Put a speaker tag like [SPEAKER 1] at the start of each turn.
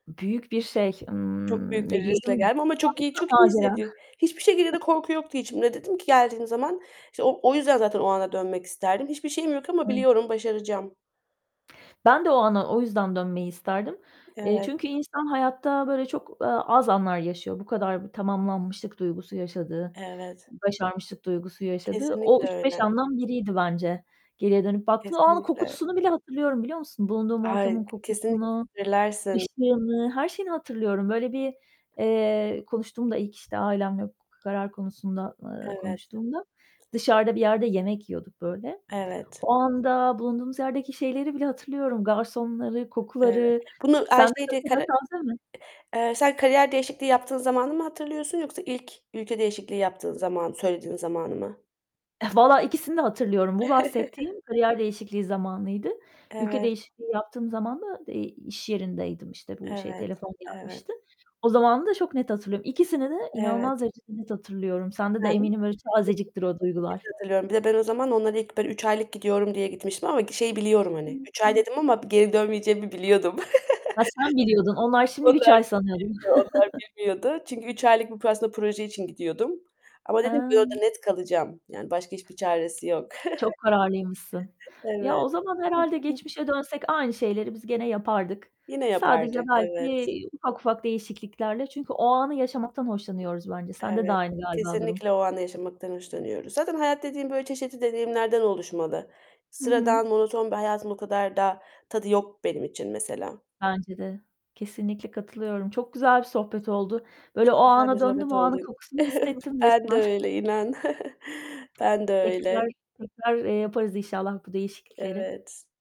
[SPEAKER 1] Büyük bir şey.
[SPEAKER 2] Çok
[SPEAKER 1] Imm,
[SPEAKER 2] büyük
[SPEAKER 1] ne
[SPEAKER 2] bir riskle
[SPEAKER 1] diyelim?
[SPEAKER 2] geldim ama çok iyi
[SPEAKER 1] [unintelligible]
[SPEAKER 2] çok iyi
[SPEAKER 1] Macera.
[SPEAKER 2] hissediyor Hiçbir şekilde de korku yoktu içimde. Dedim ki geldiğim zaman İşte, o o yüzden zaten o ana dönmek isterdim. Hiçbir şeyim yok ama
[SPEAKER 1] Evet.
[SPEAKER 2] biliyorum, başaracağım.
[SPEAKER 1] Ben de o ana o yüzden dönmeyi isterdim. Eee,
[SPEAKER 2] Evet.
[SPEAKER 1] çünkü insan hayatta böyle çok, eee, az anlar yaşıyor. Bu kadar b tamamlanmışlık duygusu yaşadığı,
[SPEAKER 2] Evet.
[SPEAKER 1] başarmışlık duygusu yaşadığı o
[SPEAKER 2] Kesinlikle
[SPEAKER 1] 3-5
[SPEAKER 2] öyle.
[SPEAKER 1] andan biriydi bence geriye dönüp baktığım. O anın
[SPEAKER 2] Kesinlikle.
[SPEAKER 1] kokusunu bile hatırlıyorum, biliyor musun? Bulunduğum
[SPEAKER 2] Ay,
[SPEAKER 1] ortamın
[SPEAKER 2] k kesin
[SPEAKER 1] kokusunu,
[SPEAKER 2] [unintelligible]
[SPEAKER 1] ışığını, her şeyini hatırlıyorum. Böyle bir, eee, konuştuğumda ilk, işte, ailemle bu k karar konusunda, eee,
[SPEAKER 2] Evet.
[SPEAKER 1] konuştuğumda, dışarıda bir yerde yemek yiyorduk böyle.
[SPEAKER 2] Evet.
[SPEAKER 1] O anda bulunduğumuz yerdeki şeyleri bile hatırlıyorum, garsonları,
[SPEAKER 2] Evet.
[SPEAKER 1] kokuları.
[SPEAKER 2] Bunu,
[SPEAKER 1] Sende de
[SPEAKER 2] [unintelligible]
[SPEAKER 1] [unintelligible] mi?
[SPEAKER 2] eee, sen kariyer değişikliği yaptığın zamanı mı hatırlıyorsun yoksa ilk ülke değişikliği yaptığın zaman söylediğin zamanı mı?
[SPEAKER 1] Valla ikisini de hatırlıyorum. Bu bahsettiğim kariyer değişikliği zamanıydı. Ülke
[SPEAKER 2] Evet.
[SPEAKER 1] değişikliği yaptığım zaman da, eee, iş yerindeydim, işte, bu şey,
[SPEAKER 2] Evet,
[SPEAKER 1] telefon gelmişti.
[SPEAKER 2] evet.
[SPEAKER 1] O zamanımı da çok net hatırlıyorum. İkisini de inanılmaz
[SPEAKER 2] Evet.
[SPEAKER 1] derecede net hatırlıyorum. Sende de
[SPEAKER 2] Ben,
[SPEAKER 1] eminim öyle tazeciktir o
[SPEAKER 2] [unintelligible] net
[SPEAKER 1] duygular.
[SPEAKER 2] hatırlıyorum, bir de ben o zaman onlara ilk böyle 3 aylık gidiyorum diye gitmiştim ama şeyi biliyorum, hani, 3 ay dedim
[SPEAKER 1] [unintelligible]
[SPEAKER 2] ama geri dönmeyeceğimi biliyordum.
[SPEAKER 1] Ha, sen biliyordun, onlar şimdi 3
[SPEAKER 2] Onlar
[SPEAKER 1] ay sanıyordur.
[SPEAKER 2] bilmiyordu onlar bilmiyordu. Çünkü 3 aylık bu p aslında, proje için gidiyordum ama
[SPEAKER 1] Hı.
[SPEAKER 2] dedim ki, orada net kalacağım, yani, başka hiçbir çaresi yok.
[SPEAKER 1] Çok kararlıymışsın. Ya, o
[SPEAKER 2] Evet.
[SPEAKER 1] zaman, herhâlde, geçmişe dönsek aynı şeyleri biz gene yapardık.
[SPEAKER 2] Yine
[SPEAKER 1] Sadece
[SPEAKER 2] yapardık,
[SPEAKER 1] belki
[SPEAKER 2] evet.
[SPEAKER 1] ufak ufak değişikliklerle çünkü o anı yaşamaktan hoşlanıyoruz bence. Sende de
[SPEAKER 2] Evet.
[SPEAKER 1] aynı, galiba, durum.
[SPEAKER 2] Kesinlikle o anı yaşamaktan hoşlanıyoruz. Zaten hayat dediğin böyle çeşitli deneyimlerden oluşmalı.
[SPEAKER 1] Hı hı.
[SPEAKER 2] Sıradan, monoton bir hayatın o kadar da tadı yok benim için mesela.
[SPEAKER 1] Bence de. Kesinlikle katılıyorum. Çok güzel bir sohbet
[SPEAKER 2] Çok
[SPEAKER 1] oldu. Böyle o
[SPEAKER 2] güzel bir
[SPEAKER 1] ana döndüm,
[SPEAKER 2] sohbet
[SPEAKER 1] o
[SPEAKER 2] oldu.
[SPEAKER 1] anın kokusunu hissettim
[SPEAKER 2] Ben de
[SPEAKER 1] resmen.
[SPEAKER 2] öyle inan. Ben de
[SPEAKER 1] Tekrar,
[SPEAKER 2] öyle.
[SPEAKER 1] tekrar, eee, yaparız inşallah bu değişiklikleri.
[SPEAKER 2] Evet.